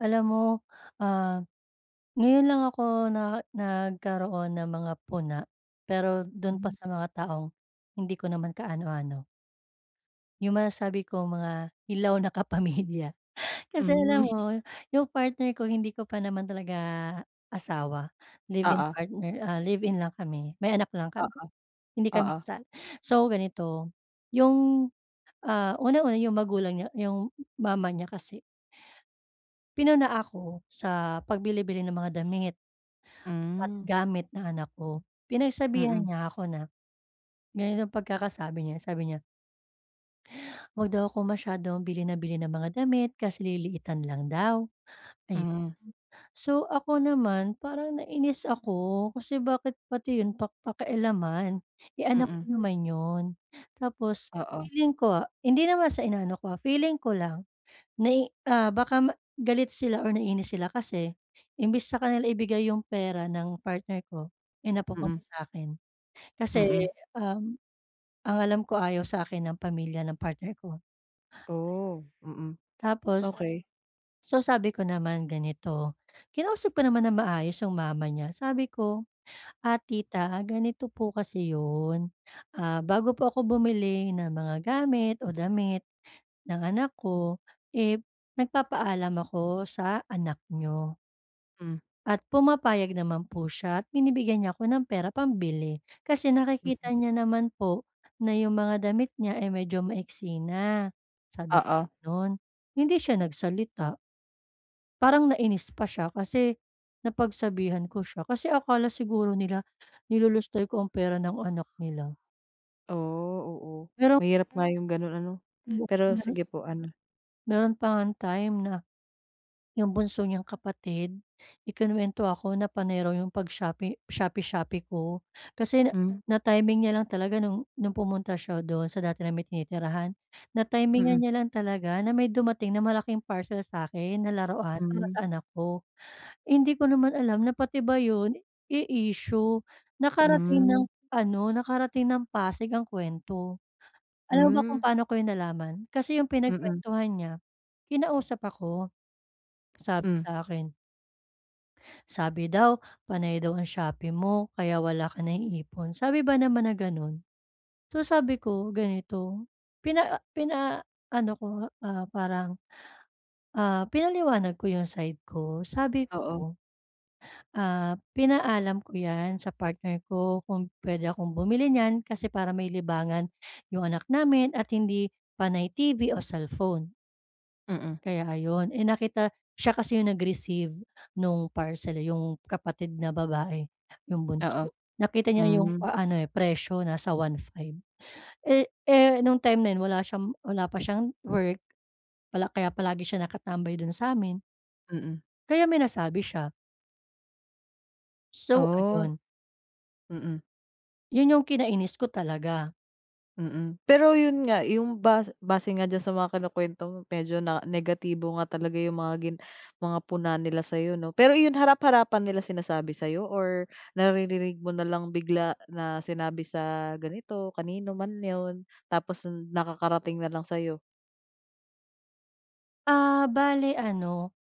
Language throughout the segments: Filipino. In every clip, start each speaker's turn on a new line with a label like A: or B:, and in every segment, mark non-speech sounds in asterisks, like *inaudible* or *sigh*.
A: Alam mo, ah, ngayon lang ako na nagkaroon ng mga puna pero dun pa sa mga taong hindi ko naman kaano-ano. Yung masasabi ko mga hilaw na kapamilya kasi
B: Hmm.
A: alam
B: *chuckles*
A: mo yung partner ko hindi ko pa naman talaga asawa, live-in
B: Oo.
A: partner, ah, live-in lang kami may anak lang kami
B: Oo,
A: hindi kami
B: oo.
A: kasal. So ganito yung, ah, unang-una yung magulang niya yung mama niya kasi ...pinuna ako sa pagbili-bili ng mga damit at
B: Hmm.
A: gamit na anak ko. Pinagsabihan
B: Mm.
A: niya ako na, ganito pagkakasabi niya, sabi niya Huwag daw akong masyadong bili nang bili ng mga damit kasi lilitan lang daw ayun,
B: Hmm.
A: so ako naman parang nainis ako, kasi bakit pati yun pak pakialaman eh, anak ko
B: Mm.
A: naman yun tapos
B: Oo.
A: feeling ko hindi naman sa inaano ko ah, feeling ko lang nai ah, baka galit sila o naiinis sila kasi imbes sa kanila ibigay yung pera ng partner ko eh, napupunta
B: Mm.
A: sa akin
B: Mm.
A: kasi ang alam ko, ayaw sa'kin ng pamilya ng partner ko, ayun.
B: Oo, mm.
A: Tapos,
B: Okey.
A: so sabi ko naman, ganito kinausap ko naman ng maayos yung mama niya sabi ko, "Ah, tita ganito po kasi yun, ah, bago po ako bumili ng mga gamit o damit ng anak ko eh, nagpapaalam ako sa anak niyo"
B: Hmm.
A: "at pumapayag naman po siya at binibigyan niya ako ng pera pambili kasi
B: Mm.
A: nakikita niya naman po na yung mga damit niya ay medyo maiksi na," sabi
B: Oo.
A: kong gano'n, hindi siya nagsalita. Parang nais pa siya kasi napagsabihan ko siya kasi akala siguro nila nilulustay ko ang pera ng anak nila.
B: Oh, oo
A: Pero
B: mahirap nga 'yong gano'n ano, pero
A: *unintelligible*
B: sige po, ano?
A: Meron pa ngang time na 'yong bunso niyang kapatid ikinuwento ako na panay raw iyong pag-shopping shopee-shopee ko. Kasi na
B: Hmm.
A: na-timing niya lang talaga no'ng no'ng pumunta siya do'n sa dati naming tinitirahan na-timingan
B: Mhm.
A: niya lang talaga na may dumating na malaking parcel sa'kin na laruan para
B: Hmm.
A: sa anak ko. *inhales* Hindi ko naman alam na pati ba 'yon eh, issue nakarating ng
B: Hmm.
A: ano, nakarating ng Pasig ang kuwento. Alam ba kung
B: Hmm.
A: paano ko nalaman? kasi 'yong
B: Mhm.
A: pinagkuwentuhan niya kinausap ako, *swallows* sabi
B: Hmm.
A: sa'kin "Sabi daw, panay daw ang Shopee mo kaya wala ka naiipon," sabi ba naman na gano'n. So sabi ko ganito pina pinaano ko, ah, parang, ah, pinaliwanag ko 'yong side ko sabi
B: Oo.
A: ko, "Ah, pinaalam ko yan sa partner ko kung pwede akong bumili niyan kasi para may libangan *inhales* 'yong anak namin at hindi panay TV o cellphone."
B: Mm.
A: Kaya ayon, eh nakita siya kasi 'yong nag-receive no'ng parcel, 'yong kapatid na babae 'yong
B: Oo,
A: bunso nakita niya 'yong
B: hmm.
A: a ano presyo nasa 1500 eh, eh, no'ng time na 'yon wala siyang wala pa siyang work pala kaya palagi siya nakatambay do'n sa amin.
B: Mm.
A: Kaya may nasabi siya. So,
B: Oh.
A: ayun.
B: Mm.
A: Yun yung kinainis ko talaga.
B: Mm. Pero yun nga, yung bas base nga diyan sa mga kinukwento mo medyo na negatibo nga talaga yung mga gin mga puna nila sa'yo 'no. Pero ayun harap-harapan nila sinasabi sa'yo or naririnig mo nalang bigla na sinabi sa ganito, kanino man yun tapos nakakarating nalang sa'yo?
A: Ah, bale ano,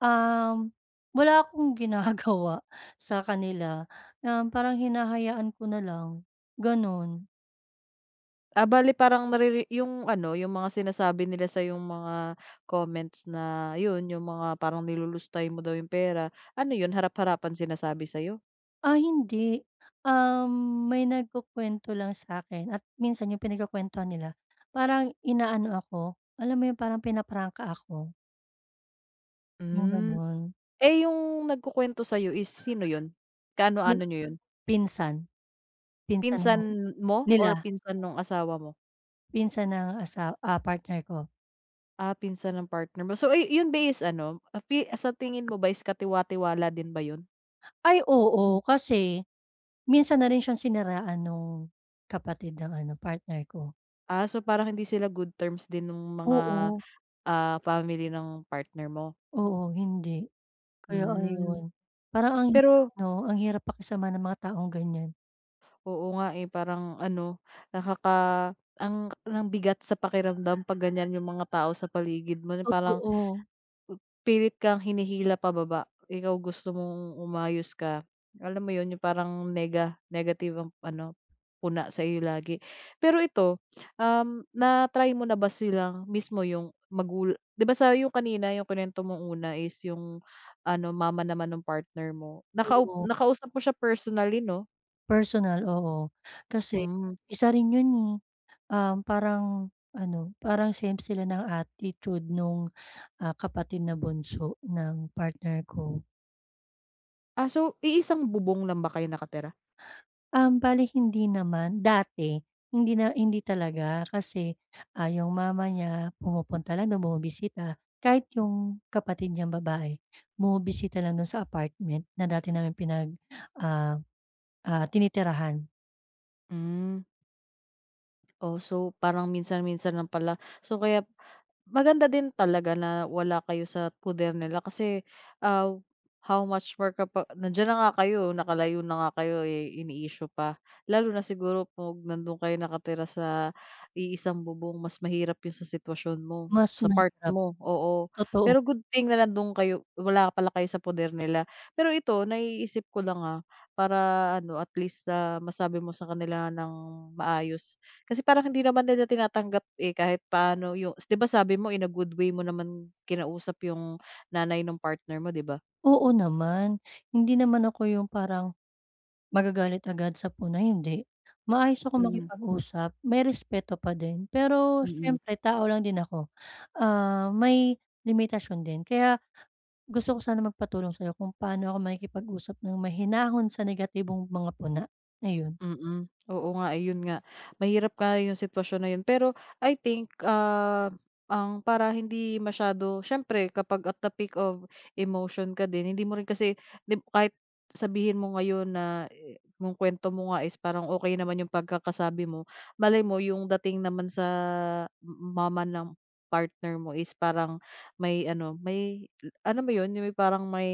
A: um, wala akong ginagawa sa kanila, um, parang hinahayaan ko na lang, gano'n.
B: Ah, bale parang nariri yung ano yung mga sinasabi nila sa'yong mga comments na yun, yung mga parang nilulustay mo daw yung pera. Ano yun, harap-harapan sinasabi sa'yo?
A: Ah, hindi. Um, may nagkukwento lang sa'kin, at minsan yung pinagkukuwentuhan nila, parang inaano ako, alam mo yung parang pinaprangka ako. Yung
B: Hmm.
A: ganun.
B: Eh, yung nagkukuwento sa is sino yun?
A: Pin
B: Kaano-ano niyo yun?
A: pinsan. Pinsan
B: Pinsan
A: ng
B: mo or
A: nila.
B: pinsan nung asawa mo?
A: Pinsan ng asaw ah, partner ko.
B: Ah, pinsan ng partner mo. So ay yun ba is ano, sa ti sa tingin mo ba is katiwa-tiwala din ba yun?
A: Ay oo, kasi minsan na rin siyang siniraan nung kapatid ng ano partner ko.
B: Ah, so parang hindi sila good terms din nung mga,
A: Oo.
B: ah, family ng partner mo?
A: Oo, hindi. Kaya
B: Hmm.
A: ayun, parang ang hirap
B: Pero
A: 'no, ang hirap pakisama ng mga taong ganyan.
B: Oo nga eh, parang ano, nakaka ang ang bigat sa pakiramdam kapag ganyan yung mga tao sa paligid mo yung parang
A: Totoo.
B: ...pilit kang hinihila pababa. Ikaw gusto mong umayos ka, alam mo yun yung parang nega negative ang ano, puna sa'yo lagi. Pero ito, um, na-try mo na ba silang mismo yung magula di ba sa yung kanina yung kuwinento mong una is yung ano mama naman ng partner mo. Nakau
A: Oo.
B: nakausap mo siya personally 'no?
A: Personal, oo. Kasi
B: Hmm.
A: isa rin yun eh, um, parang ano, parang same sila ng attitude nung, ah, kapatid na bunso ng partner ko.
B: Ah, so, iisang bubong lang ba kayo nakatira?
A: Um, bale hindi naman dati, hindi na hindi talaga kasi, ah, yung mama niya pumupunta lang do'n, bumibisita. Kahit yung kapatid niyang babae bumibisita lang dun sa apartment na dati naming pinag, ah, ah, tinitirahan.
B: Hmm. Oh, so, parang minsan-minsan lang pala. So, kaya maganda din talaga na wala kayo sa poder nila kasi, ah, how much more kapa nandiyan na nga kayo, nakalayo na nga kayo, eh, ini-issue pa lalo na siguro 'pag nandun kayo nakatira sa iisang bubong mas mahirap yung sa sitwasyon mo,
A: Mas
B: sa part
A: mahirap,
B: mo oo.
A: totoo.
B: Pero good thing na andun kayo wala pala kayo sa poder nila. Pero ito naiisip ko lang, ah, para ano, at least, ah, masabi mo sa kanila ng maayos. Kasi parang hindi naman nila tinatanggap, eh, kahit paano yu 'di ba sabi mo in a good way mo naman kinausap yung nanay nung partner mo, 'di ba?
A: Oo naman. Hindi naman ako yung parang magagalit agad sa puna, hindi. Maayos akong
B: Mm.
A: makipag-usap, may respeto pa din. Pero
B: Mm.
A: siyempre, tao lang din ako, ah, may limitasyon din. Kaya gusto ko sana magpatulong sa'yo kung paano ako makikipag-usap ng mahinahon sa negatibong mga puna, ayun.
B: Mm, oo nga, iyon nga. Mahirap nga 'yong sitwasyon na yun, pero I think, ah, ang para hindi masyado siyempre kapag at the peak of emotion ka din hindi mo rin kasi di kahit sabihin mo ngayon na yu yung kwento mo nga is parang okey naman yung pagkakasabi mo, malay mo yung dating naman sa m mama ng partner mo is parang may ano, may alam mo yun, yung parang may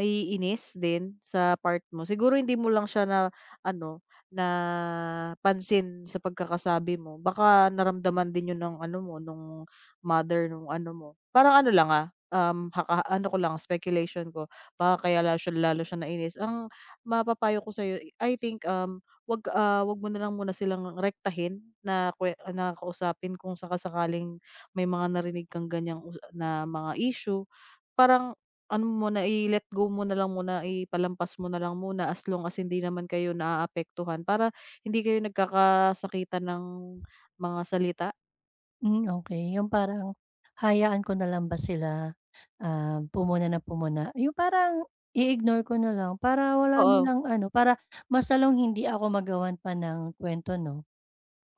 B: ...ma-iinis din sa part mo. Siguro, hindi mo lang siya na ano, napansin sa pagkakasabi mo. Baka naramdaman din yun ng ano mo nung mother nung ano mo. Parang ano lang, ah, um, haka ano ko lang, speculation ko. Baka kaya lalo siya lalo siyang nainis. Ang mapapayo ko sa'yo, I think, um, wag, ah, wag mo na lang muna silang rektahin na kwe na kausapin kung saka-sakaling may mga narinig kang ganyan na mga issue. Parang ano muna, i-let go mo nalang muna, ipalampas mo na lang muna as long as hindi naman kayo naaapektuhan para hindi kayo nagkakasakitan ng mga salita.
A: Hmm, okey, yung parang hayaan ko na lang ba sila, ah, pumuna nang pumuna. Yung parang i-ignore ko na lang, para wala
B: Oo.
A: nilang ano, para mas lalong hindi ako magawan pa ng kwento 'no.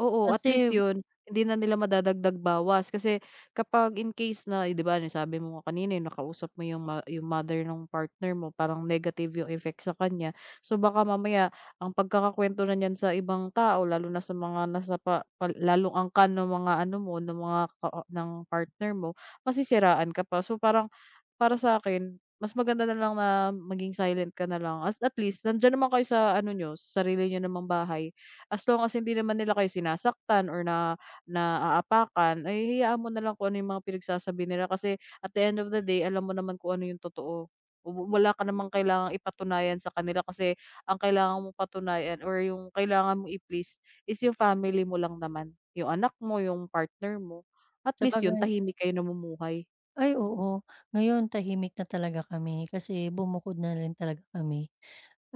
B: Oo, at least
A: Kasi
B: yun hindi na nila madadagdag-bawas. Kasi, kapag in case na, 'di ba yung sabi mo nga kanina yung nakausap mo yung mo yung mother ng partner mo parang negative effect sa kanya. So baka mamaya, ang pagkakakwento na niyan sa ibang tao, lalo na sa mga nasa pa pa lalong angkan ng mga ano mo, ng mga ka ka ng partner mo, masisiraan ka pa. So parang, para sakin, mas maganda nalang na maging silent ka nalang, at at least nandiyan naman kayo sa ano niyo, sa sarili niyo namang bahay. As long as hindi naman nila kayo sinasaktan, or na naapakan, ay hayaan mo nalang kung ano yung mga pinagsasabi nila. Kasi, at the end of the day, alam mo naman kung ano yung totoo. Oh, wu wala ka namang kailangang ipatunayan sa kanila kasi, ang kailangan mong patunayan or yung kailangan mong i-please, is your family mo lang naman, yung anak mo, yung partner mo. At least yun
A: Sabagay
B: tahimik kayo namumuhay.
A: Ay oo, ngayon tahimik na talaga kami kasi bumukod na rin talaga kami.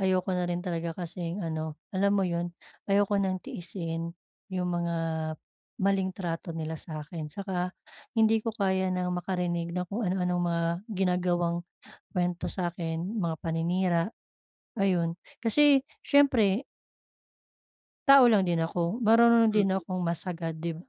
A: Ayoko na rin talaga kasing ano alam mo yun, ayoko ng tiisin yung mga maling trato nila sa akin saka hindi ko kaya ng makarinig na kung ano-anong mga ginagawang kuwento sa akin, mga paninira ayun, kasi siyempre tao lang din ako, marunong din
B: Mm.
A: akong mas agad di ba?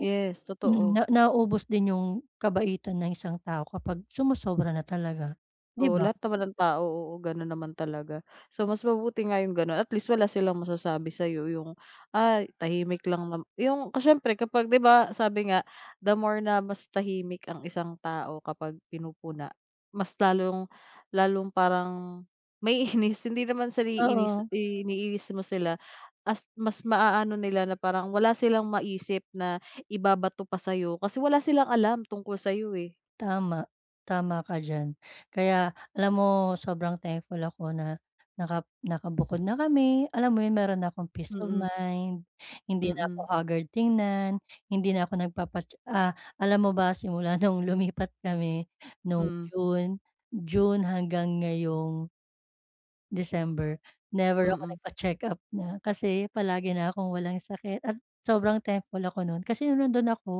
B: Yes, totoo
A: Naubos din yung kabaitan ng isang tao kapag sumosobra na talaga, di
B: Oo,
A: ba?
B: lahat naman ng tao oo gano'n naman talaga, so mas mabuti nga 'yong gano'n at least wala silang masasabi sa'yo 'yong ay tahimik lang naman 'yong kasi siyempre kapag 'di ba sabi nga the more na mas tahimik ang isang tao kapag pinupuna, mas lalong lalong parang maiinis, hindi naman sa iniinis
A: Oo.
B: iniinis mo sila at mas maano nila na parang wala silang maisip na ibabato pa sa'yo kasi wala silang alam tungkol sa'yo eh.
A: Tama, tama ka diyan kaya alam mo sobrang temple ako naka nakabukod na kami alam mo 'yon, meron na akong peace of
B: Mm.
A: mind, hindi na ako
B: Mm.
A: hagard tingnan, hindi na ako nagpapa ah, alam mo ba simula nung lumipat kami no
B: Mm.
A: June June hanggang ngayong December never ako
B: Mm.
A: nagpa-check-up na kasi palagi na akong walang sakit at sobrang thankful ako no'n kasi no'ong nandoon ako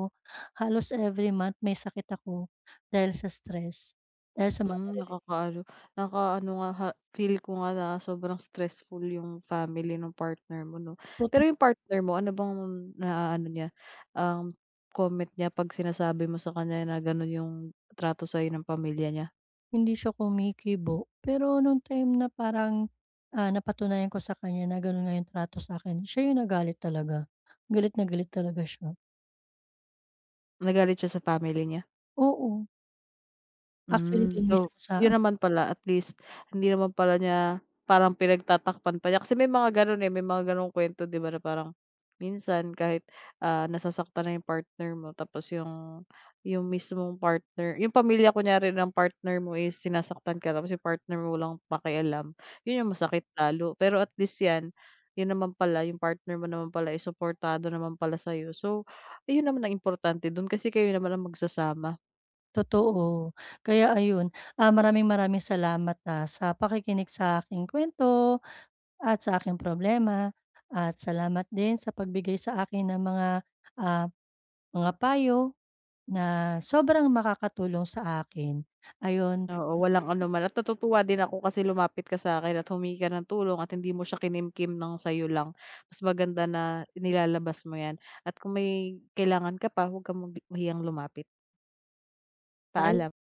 A: halos every month may sakit ako dahil sa stress dahil sa mga
B: Hmm
A: naririnig
B: nakakaano nakaano nga feel ko nga na sobrang stressful yung family nung partner mo no pero
A: Toto
B: yung partner mo ano bang naano niya, ang comment niya pag sinasabi mo sa kanya na ganun yung trato sa'yo ng pamilya niya?
A: Hindi siya kumikibo, pero nung time na parang, ah, napatunayan ko sa kanya na ganun nga yung trato sa'kin, siya yung nagalit talaga. Galit na galit talaga siya.
B: Nagalit siya sa family niya?
A: Oo. Actually
B: Hmm.
A: dun
B: So,
A: mismo sa
B: yun naman pala. At least hindi naman pala niya parang pinagtatakpan pa niya kasi may mga gano'n, eh. May mga ganong kuwento 'di ba na parang minsan kahit, ah, nasasaktan na 'yong partner mo tapos yung yung mismong partner yung pamilya kunyari ng partner mo is sinasaktan ka tapos yung partner mo walang pakialam, 'yon ang masakit lalo. Pero at least 'yan, 'yon naman pala, 'yong partner mo naman pala, eh, suportado naman pala sa'yo. So, yun naman ang importante do'n kasi kayo naman ang magsasama.
A: Totoo, kaya ayun. Ah, maraming-maraming salamat, ah, sa pakikinig sa aking kuwento at sa aking problema at salamat din sa pagbigay sa akin ng mga, ah, mga payo na sobrang makakatulong sa akin, ayun.
B: Oo, walang anuman at natutuwa din ako kasi lumapit ka sa'kin at humingi ka ng tulong at hindi mo siya kinimkim ng sa'yo lang. Mas maganda na inilalabas mo 'yan at kung may kailangan ka pa, huwag kang magi mahiyang lumapit.
A: Paal
B: Paalam.